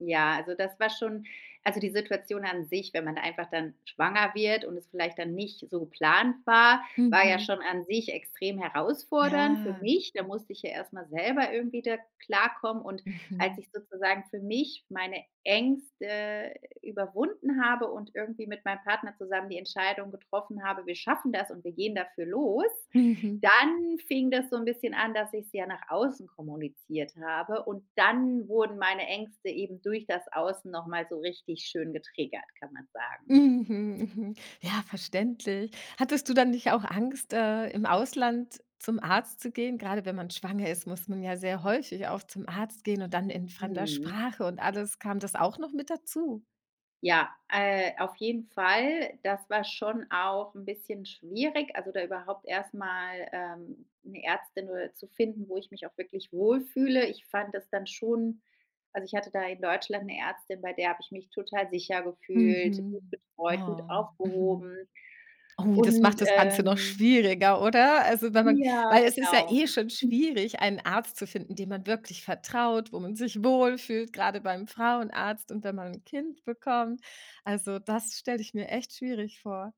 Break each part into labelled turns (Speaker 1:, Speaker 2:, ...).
Speaker 1: Ja, also, das war schon also, die Situation an sich, wenn man da einfach dann schwanger wird und es vielleicht dann nicht so geplant war, war ja
Speaker 2: Mhm.
Speaker 1: schon an sich extrem herausfordernd für
Speaker 2: Ja.
Speaker 1: mich. Da musste ich ja erst mal selber irgendwie da klarkommen. Und als
Speaker 2: Mhm.
Speaker 1: ich sozusagen für mich meine Ängste überwunden habe und irgendwie mit meinem Partner zusammen die Entscheidung getroffen habe, wir schaffen das und wir gehen dafür los,
Speaker 2: Mhm.
Speaker 1: dann fing das so 'n bisschen an, dass ich's ja nach außen kommuniziert habe. Und dann wurden meine Ängste eben durch das Außen noch mal so richtig schön getriggert, kann man sagen.
Speaker 2: Mhm, mhm. Ja, verständlich. Hattest du dann nicht auch Angst, äh, im Ausland zum Arzt zu gehen? Grade wenn man schwanger ist, muss man ja sehr häufig auch zum Arzt gehen und dann in fremder
Speaker 1: Mhm.
Speaker 2: Sprache und alles. Kam das auch noch mit dazu?
Speaker 1: Ja, äh, auf jeden Fall. Das war schon auch 'n bisschen schwierig, also, da überhaupt erst mal, ähm, 'ne Ärztin nur zu finden, wo ich mich auch wirklich wohl fühle. Ich fand das dann schon also, ich hatte da in Deutschland 'ne Ärztin, bei der habe ich mich total sicher gefühlt, gut
Speaker 2: Mhm.
Speaker 1: betreut, gut
Speaker 2: Oh, mhm.
Speaker 1: aufgehoben.
Speaker 2: Oh, das
Speaker 1: Und,
Speaker 2: macht das Ganze noch
Speaker 1: ähm
Speaker 2: schwieriger, oder? Also, wenn man
Speaker 1: Ja,
Speaker 2: weil es ist ja
Speaker 1: genau.
Speaker 2: eh schon schwierig, einen Arzt zu finden, dem man wirklich vertraut, wo man sich wohl fühlt, grade beim Frauenarzt und wenn man 'n Kind bekommt. Also, das stelle ich mir echt schwierig vor.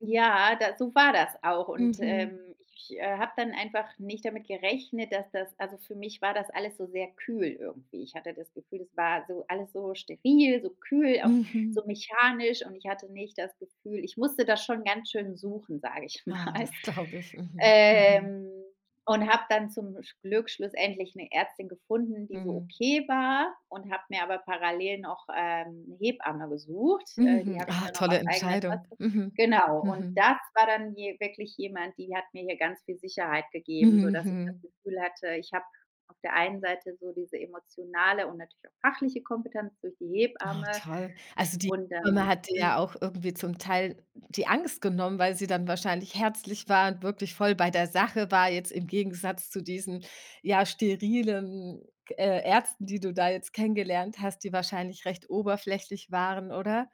Speaker 1: Ja, da so war das auch. Und, ähm,
Speaker 2: Mhm.
Speaker 1: ich habe dann einfach nicht damit gerechnet, dass das also, für mich war das alles so sehr kühl irgendwie. Ich hatte das Gefühl, es war so alles so steril, so kühl, auch so
Speaker 2: Mhm.
Speaker 1: mechanisch. Und ich hatte nicht das Gefühl ich musste das schon ganz schön suchen, sage ich
Speaker 2: Oh,
Speaker 1: mal.
Speaker 2: das glaube ich. Mhm. Mhm.
Speaker 1: Ähm, und habe dann zum sch Glück schlussendlich 'ne Ärztin gefunden, die so
Speaker 2: Mhm.
Speaker 1: okay war. Und habe mir aber parallel noch, ähm, 'ne Hebamme gesucht. Äh, die
Speaker 2: Mhm,
Speaker 1: habe ich
Speaker 2: ah,
Speaker 1: dann auch
Speaker 2: tolle
Speaker 1: aus eigener
Speaker 2: Entscheidung,
Speaker 1: Tasche
Speaker 2: mhm.
Speaker 1: Genau. Und
Speaker 2: Mhm.
Speaker 1: das war dann hier wirklich jemand, die hat mir hier ganz viel Sicherheit gegeben.
Speaker 2: Mhm,
Speaker 1: Sodass ich das
Speaker 2: mhm.
Speaker 1: Gefühl hatte, ich habe auf der einen Seite so diese emotionale und natürlich auch fachliche Kompetenz durch die
Speaker 2: Oh,
Speaker 1: Hebamme.
Speaker 2: toll. Also, die
Speaker 1: Und
Speaker 2: Hebamme
Speaker 1: dann
Speaker 2: hat dir
Speaker 1: hm
Speaker 2: ja auch irgendwie zum Teil die Angst genommen, weil sie dann wahrscheinlich herzlich war und wirklich voll bei der Sache war, jetzt im Gegensatz zu diesen, ja, sterilen, k äh, Ärzten, die du da jetzt kennengelernt hast, die wahrscheinlich recht oberflächlich waren, oder?